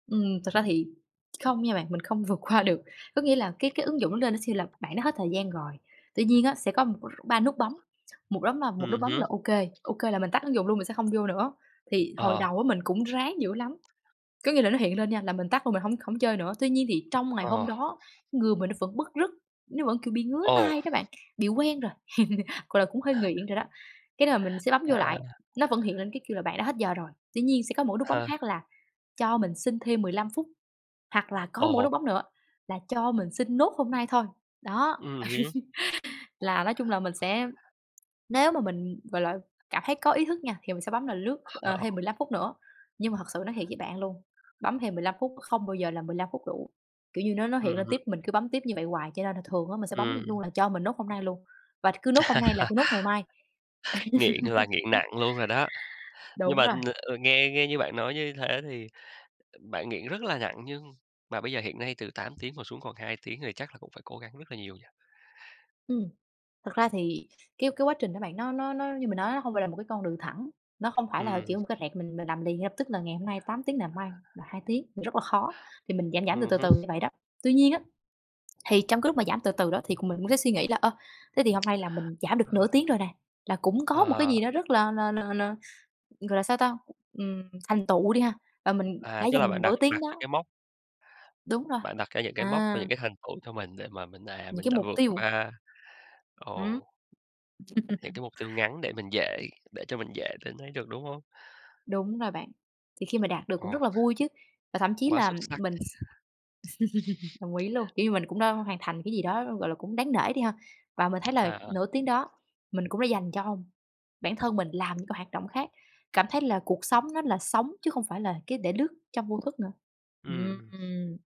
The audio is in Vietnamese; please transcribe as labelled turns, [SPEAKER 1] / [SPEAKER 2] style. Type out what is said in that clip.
[SPEAKER 1] Ừm, thât ra thì không nha bạn, mình không vượt qua được. Có nghĩa là cái cái ứng dụng nó lên nó sẽ là bạn đã hết thời gian rồi, tuy nhiên á sẽ có, ừm, 3 nút bấm, một bấm là một nút
[SPEAKER 2] Ừm
[SPEAKER 1] bấm
[SPEAKER 2] hứm.
[SPEAKER 1] là OK OK là mình tắt ứng dụng luôn mình sẽ không vô nữa. Thì hồi
[SPEAKER 2] Ờ.
[SPEAKER 1] đầu á mình cũng ráng dữ lắm, có nghĩa là nó hiện lên nha là mình tắt luôn, mình hổng hổng chơi nữa, tuy nhiên thì trong ngày hôm
[SPEAKER 2] Ờ.
[SPEAKER 1] đó người mình nó vẫn bứt rứt, nó vẫn, kiểu, bị ngứa
[SPEAKER 2] Ồ!
[SPEAKER 1] tay đó bạn, bị quen rồi, gọi là, cũng hơi nghiện rồi đó. Cái là mình sẽ bấm vô lại,
[SPEAKER 2] À.
[SPEAKER 1] nó vẫn hiện lên cái kêu là "Bạn đã hết giờ rồi", tuy nhiên sẽ có một cái nút bấm
[SPEAKER 2] Ờ.
[SPEAKER 1] khác là cho mình xin thêm 15 phút, hoặc là có một cái nút
[SPEAKER 2] Ồ!
[SPEAKER 1] bấm nữa là cho mình xin nốt hôm nay thôi. Đó,
[SPEAKER 2] Ừm hứm.
[SPEAKER 1] là nói chung là mình sẽ nếu mà mình, gọi là, cảm thấy có ý thức nha, thì mình sẽ bấm là lướt, ờ, thêm 15 phút nữa, nhưng mà thật sự nói thiệt với bạn luôn, bấm thêm 15 phút, không bao giờ là 15 phút đủ, kiểu như, nó nó
[SPEAKER 2] Ừm
[SPEAKER 1] hiện lên tiếp
[SPEAKER 2] hứm.
[SPEAKER 1] mình cứ bấm tiếp như vậy hoài, cho nên là thường á mình sẽ bấm luôn
[SPEAKER 2] Ừm.
[SPEAKER 1] là cho mình nốt hôm nay luôn, và cứ nốt hôm nay là cứ nốt ngày mai,
[SPEAKER 2] Nghiện là nghiện nặng luôn rồi đó. Nhưng
[SPEAKER 1] đúng
[SPEAKER 2] mà,
[SPEAKER 1] rồi.
[SPEAKER 2] ừm, ờ, nghe nghe như bạn nói như thế thì, ừm, bạn nghiện rất là nặng, nhưng mà bây giờ hiện nay từ 8 tiếng mà xuống còn 2 tiếng thì chắc là cũng phải cố gắng rất là nhiều nhỉ?
[SPEAKER 1] Ừm, thực ra thì cái cái quá trình đó bạn, nó nó nó như mình nói nó hông phải là một cái con đường thẳng, nó không phải là,
[SPEAKER 2] Ừm.
[SPEAKER 1] kiểu, một cái rẹt, mình mình làm liền ngay lập tức là ngày hôm nay 8 tiếng nè, mai là 2 tiếng, rất là khó, thì mình giảm, giảm từ
[SPEAKER 2] Ừm
[SPEAKER 1] từ
[SPEAKER 2] hứm.
[SPEAKER 1] từ như vậy đó. Tuy nhiên á, thì trong cái lúc mà giảm từ từ đó thì, ừm, cũng mình cũng sẽ suy nghĩ là, ơ, thế thì hôm nay là mình giảm được nửa tiếng rồi nè, là cũng có một cái
[SPEAKER 2] Ờ.
[SPEAKER 1] gì nó rất là là là là, ừm, gọi là sao ta, ừm, thành tựu đi ha, và mình
[SPEAKER 2] À,
[SPEAKER 1] đã
[SPEAKER 2] tức là
[SPEAKER 1] dành
[SPEAKER 2] bạn
[SPEAKER 1] nửa
[SPEAKER 2] đặt
[SPEAKER 1] tiếng
[SPEAKER 2] đặt cho
[SPEAKER 1] đó
[SPEAKER 2] cái mốc
[SPEAKER 1] Đúng rồi,
[SPEAKER 2] bạn đặt ra những cái mốc và
[SPEAKER 1] à.
[SPEAKER 2] những cái thành tựu cho mình để mà mình, à,
[SPEAKER 1] Những
[SPEAKER 2] mình
[SPEAKER 1] cái
[SPEAKER 2] đã
[SPEAKER 1] mục
[SPEAKER 2] vượt
[SPEAKER 1] tiêu.
[SPEAKER 2] qua,
[SPEAKER 1] Ừm.
[SPEAKER 2] ồ. Hiện cái mục tiêu ngắn để mình dễ để cho mình dễ để thấy được, đúng hông?
[SPEAKER 1] Đúng rồi bạn, thì khi mà đạt được cũng
[SPEAKER 2] Ờ.
[SPEAKER 1] rất là vui chứ. Và thậm chí
[SPEAKER 2] Quá
[SPEAKER 1] là
[SPEAKER 2] xuất sắc!
[SPEAKER 1] mình s đồng ý luôn, kiểu như, mình cũng đã hoàn thành cái gì đó, gọi là, cũng đáng nể đi ha, và mình thấy là
[SPEAKER 2] À, à.
[SPEAKER 1] nửa tiếng đó mình cũng đã dành cho bản thân mình làm những cái hoạt động khác, cảm thấy là cuộc sống nó là sống chứ không phải là cái để lướt trong vô thức nữa,
[SPEAKER 2] Ừm.
[SPEAKER 1] ừm.